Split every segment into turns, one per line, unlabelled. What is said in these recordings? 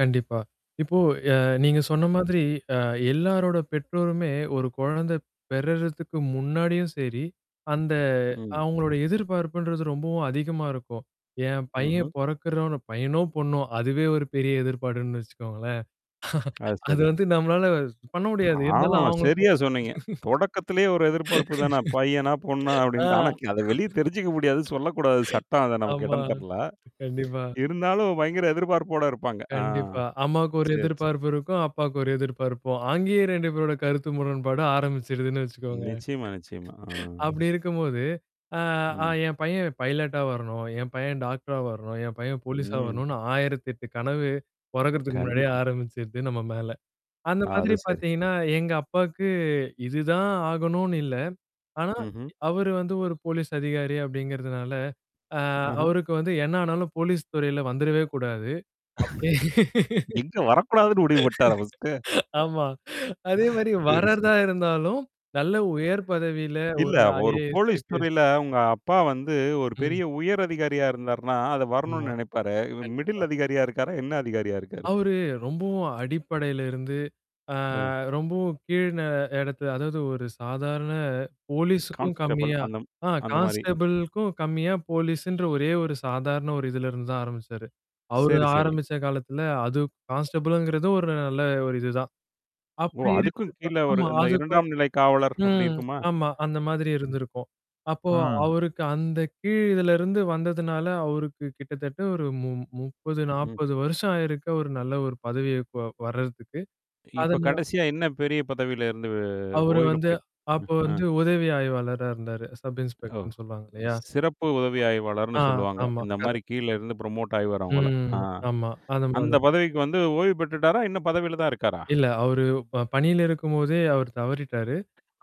கண்டிப்பா. இப்போ, அ, நீங்க சொன்ன மாதிரி, அ, எல்லாரோட பெற்றோருமே ஒரு குழந்தை பெறுறதுக்கு முன்னாடியும் சரி, அந்த
ம்.
அவங்களோட எதிர்பார்ப்புன்றது ரொம்பவும் அதிகமா இருக்கும். என் பையன்
ம்ஹ்ம்.
பொறக்கிறவன் பையனோ, பொண்ணோ. அதுவே ஒரு பெரிய எதிர்பார்ப்புன்னு வச்சுக்கோங்களேன்.
அது
அது
சரி.
வந்து நம்மளால பண்ண முடியாது. இருந்தாலும்
ஆமாமா!
அவங்களுக்கு [unintelligible]
சரியா சொன்னீங்க. தொடக்கத்திலே ஒரு எதிர்பார்ப்பு தானா? பையனா, பொண்ணா
ஆ,
அப்படின்ட்டு. ஆனா அதை, வெளிய தெரிஞ்சிக்க முடியாது. சொல்லக்கூடாது. சட்டம் அது நமக்கு
ஆமா,
இடம் தரல.
கண்டிப்பா.
இருந்தாலும் பயங்கர எதிர்பார்ப்போடு இருப்பாங்க. ஆ,
கண்டிப்பா. அம்மாவுக்கு ஒரு
செரி, செரி.
எதிர்பார்ப்பு இருக்கும். அப்பாவுக்கு ஒரு எதிர்பார்ப்பும். அங்கேயே 2 பேரோட கருத்து முரண்பாடு ஆரம்பிச்சிருதுன்னு வச்சிகோங்க.
நிச்சயமா, நிச்சயமா. ஆ.
அப்படி இருக்கும்போது, ஆ, "ஆ
ம்.
என் பையன் பைலட்டா வரணும், என் பையன் டாக்டரா வரணும், என் பையன் போலீஸா
ம்.
வரணும்ன்னு" 1008 கனவு பொறக்கிறதுக்கு முன்னாடியே
கண்டிப்பா.
ஆரம்பிச்சுருது நம்ம மேல. அந்த
அது
மாதிரி
சரி.
பார்த்தீங்கன்னா, எங்க அப்பாவுக்கு இதுதான் ஆகணும்னு இல்ல. ஆனா,
ம்ஹ்ம்.
அவர் வந்து ஒரு போலீஸ் அதிகாரி அப்படிங்கிறதுனால, ஆ,
ஆஹ.
அவருக்கு வந்து என்ன ஆனாலும் போலீஸ் துறையில வந்தறவே கூடாது. அப்படி
எங்க வரக்கூடாதுன்னு முடிவுபண்ணிட்டாரா ஃபர்ஸ்ட்டு?
ஆமா. அதே மாதிரி
சரி, சரி
வர்றதா இருந்தாலும் நல்ல உயர் பதவியில
இல்ல
ஒரு
ஒரு
ஐஏஎஸ்,
போலீஸ்
ஐபிஎஸ்
துறையில உங்க அப்பா வந்து, ஒரு
ம்.
பெரிய உயர் அதிகாரியா இருந்தாருன்னா, அதை
ஆமா,
வரணும்னு நினைப்பாரே!
கண்டிப்பா.
மிடில் அதிகாரியா இருக்காரா? என்ன அதிகாரியா இருக்காரு?
அவரு ரொம்பவும் அடிப்படையிலிருந்து, ஆ,
அம்.
ரொம்பவும் கீழ் ந இடத்துல அதாவது ஒரு சாதாரண போலீஸ்க்கும்
கான்ஸ்டபிள்
கம்மியா,
அந்த
ஆ,
அந்த மாரி.
கான்ஸ்டபிள்க்கும் கம்மியா போலீஸ்ன்ற ஒரே ஒரு சாதாரண ஒரு இதிலிருந்துதான் ஆரம்பிச்சாரு. அவரு
சரி, சரி.
ஆரம்பிச்ச காலத்தில அது கான்ஸ்டபிள்ங்கிறது ஒரு நல்ல ஒரு இதுதான்.
ஓ!
அப்படி இருக்கு
அதுக்கும் கீழ ஒரு
ஆமா.
இந்த
அதுக்கும்
இரண்டாம் நிலை காவலர் அப்படி
ம்.
இருக்குமா?
ஆமா. அந்த மாதிரி
ம்.
இருந்திருக்கும். அப்போ
ம்.
அவருக்கு அந்த கீழ் இதிலிருந்து வந்ததுனால அவருக்கு கிட்டத்தட்ட ஒரு மு முப் முப்பது,
ம்.
நாப்பது வருஷம் ஆயிருக்கு ஒரு நல்ல ஒரு பதவிக்கு வ வர்றதுக்கு.
இப்ப
அதனா
கடைசியா என்ன பெரிய பதவியில இருந்து வெ
அவரு
ஓய்வுல
வந்து,
போயிட்டு ம்,
அப்போ
ஆ.
வந்து உதவி ஆய்வாளரா இருந்தாரு. சப்
ஓ!
இன்ஸ்பெக்டர்ன்னு சொல்லுவாங்க இல்லையா?
சிறப்பு உதவி ஆய்வாளர்ன்னு
ஆ,
சொல்லுவாங்க.
ஆமா.
இந்த மாதிரி
கரெக்ட்.
கீழ இருந்து புரமோட் ஆகிவரவங்கள.
ம்
ஆ.
ஆமா. அந்த
அந்த
மாதிரி.
பதவிக்கு வந்து ஓய்வு பெற்றுட்டாரா? இன்னும் பதவியில தான் இருக்காரா?
இல்ல அவரு ப பணியில இருக்கும்போதே அவரு தவறிட்டாரு.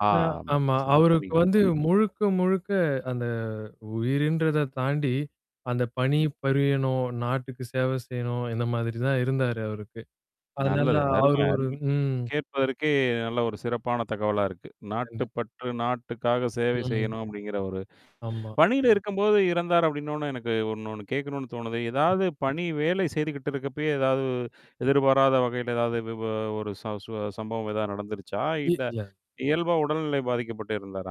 ஆ,
அ,
ஆம்.
ஆமா. அவருக்கு
மன்னிக்கவும்,
வந்து
மன்னிக்கவும்.
முழுக்க முழுக்க அந்த உயிர்ன்றதைத் தாண்டி, அந்த பணி
ம்.
புரியணும் நாட்டுக்கு சேவை செய்யணும், இந்த மாதிரிதான் இருந்தாரு அவருக்கு. அதனால
நல்லது. அருமை,
அவர்
அருமை!
ஒரு ம்.
கேட்பதற்கே நல்ல ஒரு சிறப்பான தகவலா இருக்கு. நாட்டு
கண்டிப்பா.
பற்று, நாட்டுக்காக சேவை
ம்,
செய்யணும் அப்படிங்கிற ஒரு
ஆமா.
பணியில இருக்கும்போது இறந்தார் அப்படின்னொன்னே எனக்கு இன்னொண்ணு கேட்கணும்னு தோணுது.
ம்.
ஏதாவது பணி, வேலை செய்துகிட்டு இருக்கப்பயே, ஏதாவது எதிர்பாராத வகையில, ஏதாவது இது ஒரு சு சம்பவம் ஏதாவது நடந்துருச்சா? இல்ல
வீட்ல.
இயல்பா உடல்நிலை பாதிக்கப்பட்டு இறந்தாரா?